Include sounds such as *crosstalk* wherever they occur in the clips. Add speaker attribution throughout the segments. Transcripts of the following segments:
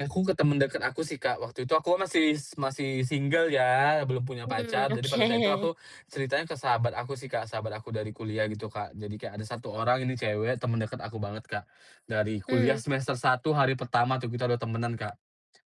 Speaker 1: Aku ke temen deket aku sih, Kak. Waktu itu aku kan masih masih single ya belum punya
Speaker 2: Mmm,
Speaker 1: pacar, jadi pada saat itu
Speaker 2: oke.
Speaker 1: aku ceritain ke sahabat aku sih, Kak. Sahabat aku dari kuliah gitu, Kak, jadi kayak ada 1 orang ini cewek temen deket aku banget, Kak, dari kuliah
Speaker 2: Mmm.
Speaker 1: semester 1 hari pertama tuh kita udah temenan, Kak.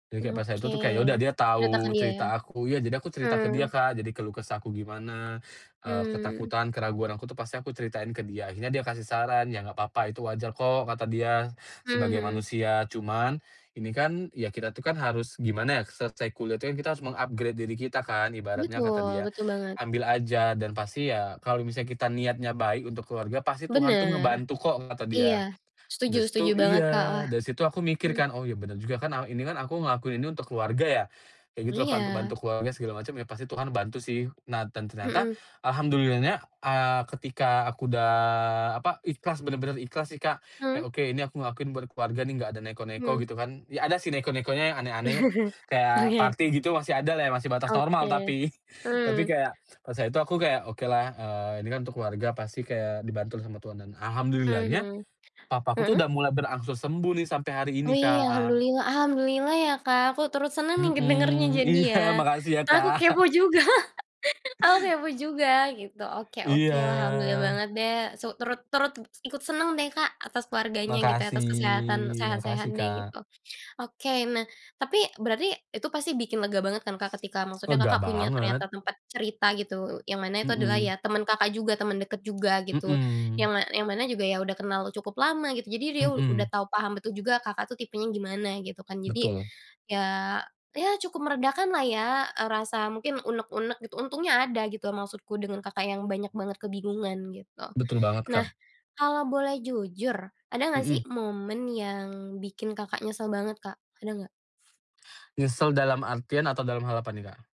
Speaker 1: Jadi pas itu
Speaker 2: Oke,
Speaker 1: tuh kayak ya udah dia
Speaker 2: cerita ke
Speaker 1: tahu
Speaker 2: dia ya?
Speaker 1: cerita aku, ya jadi aku cerita ke dia,
Speaker 2: Mmm.
Speaker 1: Kak, jadi keluh kesahku gimana, eee,
Speaker 2: Mmm.
Speaker 1: ketakutan, keraguan aku tuh pasti aku ceritain ke dia. Akhirnya dia kasih saran, "Ya gak papa, itu wajar kok," kata dia. "Sebagai
Speaker 2: Mhm.
Speaker 1: manusia, cuman ini kan ya kita tuh kan harus gimana ya, selesai kuliah tuh kan kita harus meng-upgrade diri kita kan ibaratnya," kata
Speaker 2: Betul
Speaker 1: dia,
Speaker 2: betul banget.
Speaker 1: "Ambil aja dan pasti ya kalau misalnya kita niatnya baik untuk keluarga, pasti Tuhan tuh
Speaker 2: Bener,
Speaker 1: ngebantu kok," kata
Speaker 2: iya.
Speaker 1: dia.
Speaker 2: Setuju
Speaker 1: Dari
Speaker 2: setuju
Speaker 1: situ
Speaker 2: banget, Kak,
Speaker 1: iya,
Speaker 2: wah.
Speaker 1: dari situ aku mikir
Speaker 2: Hmm.
Speaker 1: kan, "Oh, iya bener juga kan, eee, ini kan aku ngelakuin ini untuk keluarga ya," kayak gitulah, Kak, untuk
Speaker 2: Iya.
Speaker 1: bantu keluarga segala macem ya pasti Tuhan bantu sih. Nah dan ternyata
Speaker 2: Mhm.
Speaker 1: alhamdulillahnya, eee, ketika aku udah apa, ikhlas bener-bener ikhlas sih, Kak,
Speaker 2: Mmm.
Speaker 1: kayak, "Oke ini aku ngelakuin buat keluarga nih gak ada neko-neko,"
Speaker 2: Hmm.
Speaker 1: gitu kan, ya ada sih neko-nekonya yang aneh-aneh,
Speaker 2: *chuckles*
Speaker 1: kayak
Speaker 2: Oke.
Speaker 1: party gitu masih adalah ya, masih batas normal
Speaker 2: Oke,
Speaker 1: tapi. *chuckles* Tapi
Speaker 2: mmm.
Speaker 1: kayak, pas itu aku kayak, "Okelah, eee, ini kan untuk keluarga pasti kayak dibantu sama Tuhan," dan alhamdulillah-nya
Speaker 2: Mhm,
Speaker 1: papaku tuh
Speaker 2: heeh.
Speaker 1: udah mulai berangsur sembuh nih sampai hari ini,
Speaker 2: Wih,
Speaker 1: Kak.
Speaker 2: alhamdulillah alhamdulillah ya, Kak, aku turut seneng nih ngedengernya
Speaker 1: Mhm,
Speaker 2: jadi
Speaker 1: iya
Speaker 2: ya.
Speaker 1: makasih ya,
Speaker 2: Kak, aku
Speaker 1: Kak.
Speaker 2: kepo
Speaker 1: *chuckles*
Speaker 2: juga *chuckles* aku kepo juga gitu. Oke oke,
Speaker 1: Iya.
Speaker 2: alhamdulillah banget deh su turut turut ikut seneng deh, Kak, atas keluarganya gitu, atas kesehatan,
Speaker 1: Makasih,
Speaker 2: sehat-sehat
Speaker 1: makasih,
Speaker 2: deh.
Speaker 1: Kak.
Speaker 2: Ok oke, nah tapi berarti itu pasti bikin lega banget kan, Kak, ketika maksudnya
Speaker 1: Lega
Speaker 2: Kakak punya
Speaker 1: banget.
Speaker 2: ternyata tempat cerita gitu, yang mana itu adalah ya
Speaker 1: Mmm.
Speaker 2: temen Kakak juga, temen deket juga gitu
Speaker 1: Mmm.
Speaker 2: yang ma yang mana juga ya udah kenal cukup lama gitu, jadi dia udah
Speaker 1: Mmm.
Speaker 2: tahu paham betul juga Kakak tuh tipenya gimana gitu kan. Jadi
Speaker 1: Betul.
Speaker 2: ya ya cukup meredakanlah ya, eee, rasa mungkin unek-unek gitu, untungnya ada gitu maksudku dengan Kakak yang banyak banget kebingungan gitu.
Speaker 1: Betul banget,
Speaker 2: Nah
Speaker 1: Kak.
Speaker 2: kalau boleh jujur ada nggak sih
Speaker 1: Mmm.
Speaker 2: momen yang bikin Kakak nyesel banget, Kak, ada nggak?
Speaker 1: Nyesel dalam artian atau dalam hal apa nih, Kak?